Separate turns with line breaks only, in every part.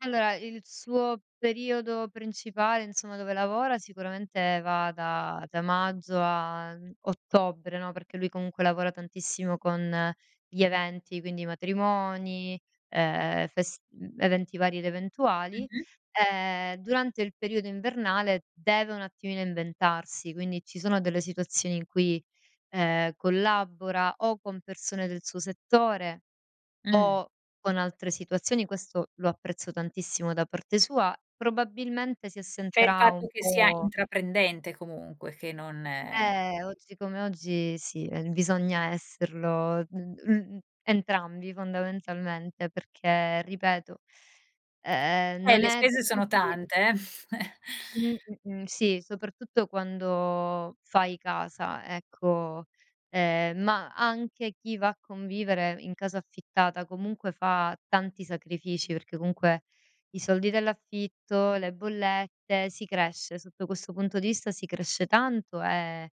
Allora il suo periodo principale insomma dove lavora sicuramente va da da maggio a, mhmm, ottobre, no. Perché lui comunque lavora tantissimo con gli eventi, quindi matrimoni, ehm, fest eventi vari ed eventuali.
Mh-mh.
Ehm, durante il periodo invernale deve un attimino inventarsi, quindi ci sono delle situazioni in cui, ehm, collabora o con persone del suo settore
Mh.
o con altre situazioni, questo lo apprezzo tantissimo da parte sua. Probabilmente si
Cioè il
assenterà un
fatto che sia
po'
intraprendente comunque che non
Ehm, oggi come oggi sì, bisogna esserlo, mhmm, l entrambi fondamentalmente, perché ripeto, ehm
Eh,
non
le
è da
spese sono
tutti
tante eh.
Mh. Mh-mh. Sì, soprattutto quando fai casa, ecco, ehm, ma anche chi va a convivere in casa affittata comunque fa tanti sacrifici, perché comunque i soldi dell'affitto, le bollette. Si cresce, sotto questo punto di vista si cresce tanto e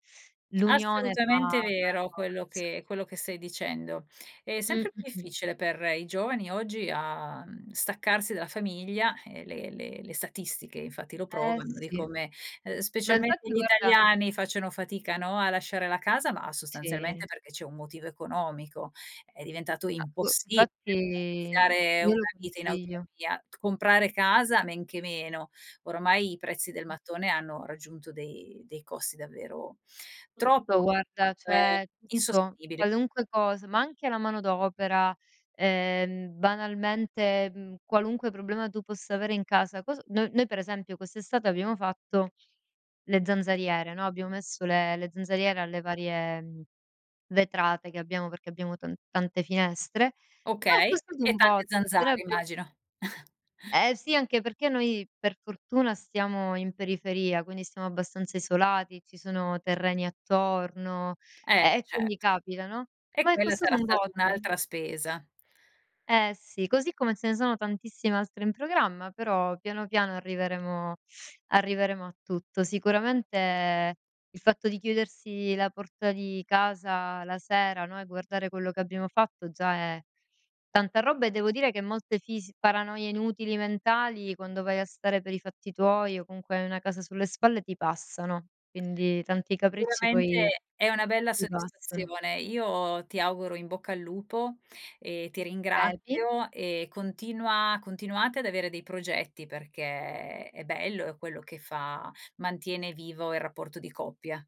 l'unione fa
Assolutamente
fa la
vero quello
forza.
che quello che stai dicendo. È
Mh
sempre più
Mh-mh.
difficile per i giovani oggi a mhmm, staccarsi dalla famiglia e le le statistiche infatti lo
Ehm,
provano di
sì.
come, ehm,
Ma
specialmente
infatti
gli
guarda
italiani facciano fatica, no, a lasciare la casa, ma sostanzialmente
Sì.
perché c'è un motivo economico. È diventato
Ma boh
impossibile
infatti,
[unintelligible]
io
una
lo
vita in autonomia.
consiglio.
Comprare casa men che meno. Ormai i prezzi del mattone hanno raggiunto dei dei costi davvero
Tutto
troppo
guarda
ehm,
cioè, tutto,
insostenibili.
qualunque cos ma anche la manodopera, ehm, banalmente, mhmm, qualunque problema tu possa avere in casa. Cos no noi per esempio quest'estate abbiamo fatto le zanzariere, no. Abbiamo messo le le zanzariere alle varie, mhmm, vetrate che abbiamo perché abbiamo tan tante finestre, ma è
Okay,
costato
e
un
tante
botto. Appena
zanzare
abbiam
immagino.
Ehm, sì, anche perché noi per fortuna stiamo in periferia, quindi siamo abbastanza isolati, ci sono terreni attorno,
Ehm,
ehm, e
cert
quindi capita, no.
e
Ma è
quella
costato
sarà
un
stata
botto.
un'altra spesa.
Ehm, sì, così come ce ne sono tantissime altre in programma, però piano piano arriveremo arriveremo a tutto. Sicuramente il fatto di chiudersi la porta di casa la sera, no, e guardare quello che abbiamo fatto già è tanta roba e devo dire che molte fis paranoie inutili mentali quando vai a stare per i fatti tuoi o comunque hai una casa sulle spalle ti passano. Quindi tanti capricci poi
Sicuramente è una bella
ti passano.
soddisfazione. Io ti auguro in bocca al lupo e ti
Vedi.
ringrazio e continua continuate ad avere dei progetti perché è bello e quello che fa mantiene vivo il rapporto di coppia.